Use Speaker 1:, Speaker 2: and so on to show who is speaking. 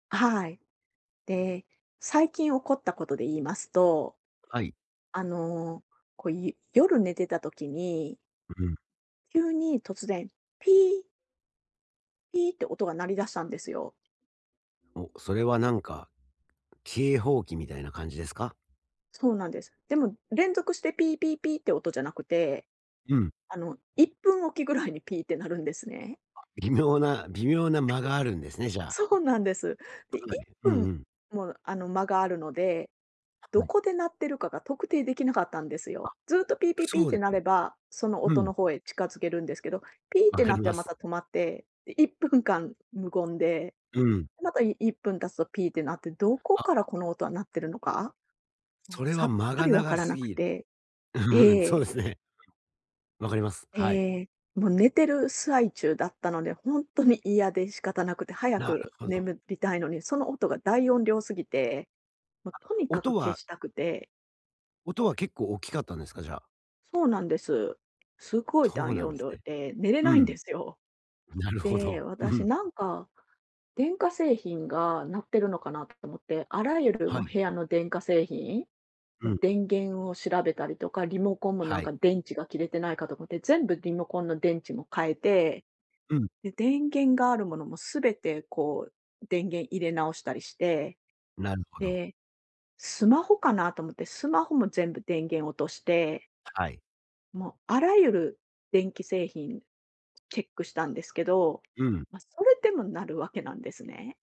Speaker 1: あ、はい。で、最近起こったことで言いますと、
Speaker 2: はい。
Speaker 1: あの、こい夜寝てた時に
Speaker 2: ううん。
Speaker 1: 急に突然ピーピーって音が鳴り出したんですよ。
Speaker 2: お、それはなんか、警報器みたいな感じですか？
Speaker 1: そうなんです。でも連続してピーピーピーって音じゃなくて、
Speaker 2: うん。
Speaker 1: あの、1分おきぐらいにピーって鳴るんですね。
Speaker 2: あ、微妙な、微妙な間があるんです ね、じゃあ。
Speaker 1: そうなんです。で、い
Speaker 2: く
Speaker 1: っ
Speaker 2: るなね。う
Speaker 1: ぷ
Speaker 2: んう
Speaker 1: ん
Speaker 2: ん。
Speaker 1: もあの間があるので、ど
Speaker 2: はい。
Speaker 1: こで鳴ってるかが特定できなかったんです
Speaker 2: あ、
Speaker 1: よ。ずっとピーピーピー
Speaker 2: そ
Speaker 1: っ
Speaker 2: う
Speaker 1: て
Speaker 2: で
Speaker 1: 鳴
Speaker 2: ね。
Speaker 1: れば、その
Speaker 2: う
Speaker 1: 音
Speaker 2: ん。
Speaker 1: の方へ近づけるんですけど、ピーっ
Speaker 2: 分
Speaker 1: て
Speaker 2: か
Speaker 1: 鳴っ
Speaker 2: り
Speaker 1: て
Speaker 2: ま
Speaker 1: はま
Speaker 2: す。
Speaker 1: た止まって、で1分間無言で、
Speaker 2: うん。
Speaker 1: で、また、い1分経つとピーって鳴って、どこ
Speaker 2: あ。
Speaker 1: からこの音は鳴ってるのか？もう
Speaker 2: それ
Speaker 1: さ
Speaker 2: は
Speaker 1: っ
Speaker 2: 間
Speaker 1: ぱ
Speaker 2: が
Speaker 1: り分か
Speaker 2: 長
Speaker 1: ら
Speaker 2: す
Speaker 1: なく
Speaker 2: ぎ。
Speaker 1: て。
Speaker 2: うん、
Speaker 1: え
Speaker 2: そう
Speaker 1: え。
Speaker 2: ですね。わかります。はい。
Speaker 1: ええ。もう寝てる最中だったので、ほんとに嫌で仕方なくて、早
Speaker 2: なる
Speaker 1: く
Speaker 2: ほど。
Speaker 1: 眠りたいのに、その音が大音量すぎて、もう
Speaker 2: あ、
Speaker 1: とにかく
Speaker 2: 音
Speaker 1: 消
Speaker 2: は
Speaker 1: したくて。
Speaker 2: 音は結構大きかったんですか？じゃあ。
Speaker 1: そうなんです。すごい
Speaker 2: そう
Speaker 1: 大
Speaker 2: なん
Speaker 1: 音
Speaker 2: です
Speaker 1: 量
Speaker 2: ね。
Speaker 1: で、寝れ
Speaker 2: う
Speaker 1: ないん
Speaker 2: ん。
Speaker 1: ですよ。
Speaker 2: なるほ
Speaker 1: で、
Speaker 2: ど、ふふ
Speaker 1: 私
Speaker 2: ん。
Speaker 1: なんか電化製品が鳴ってるのかな？と思って、あらゆる、
Speaker 2: は
Speaker 1: ま、
Speaker 2: い。
Speaker 1: 部屋の電化製品？
Speaker 2: う
Speaker 1: ふん、
Speaker 2: ん。
Speaker 1: 電源を調べたりとか、リモコンもな
Speaker 2: は
Speaker 1: ん
Speaker 2: い。
Speaker 1: か電池が切れてないかとこて、全部リモコンの電池も変えて、
Speaker 2: うん。
Speaker 1: で、電源があるものもすべてこう、電源入れ直したりして、
Speaker 2: なるほど。
Speaker 1: で、スマホかな？と思って、スマホも全部電源落として
Speaker 2: はい。
Speaker 1: もうあらゆる電気製品チェックしたんですけど、
Speaker 2: うん。
Speaker 1: ま、それでも鳴るわけなんですね。